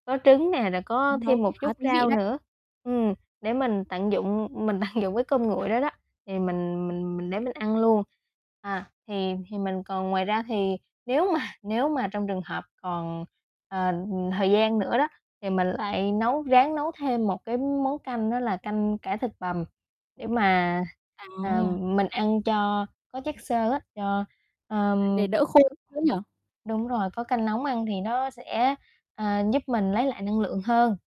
Có trứng nè, rồi có Nó thêm cũng một khá chút thú vị rau đấy. nữa. Ừm, để mình tận dụng, mình tận dụng cái cơm nguội đó đó, thì mình mình mình để mình ăn luôn. À, thì thì mình còn ngoài ra thì nếu mà nếu mà trong trường hợp còn, ờ, thời gian nữa đó thì mình lại nấu ráng nấu thêm một cái món canh, đó là canh cải thịt bằm để mà, à, À. mình ăn cho có chất xơ á, cho, ờm Để đỡ khô nữa nhỉ? Đúng rồi, có canh nóng ăn thì nó sẽ, ờ, giúp mình lấy lại năng lượng hơn.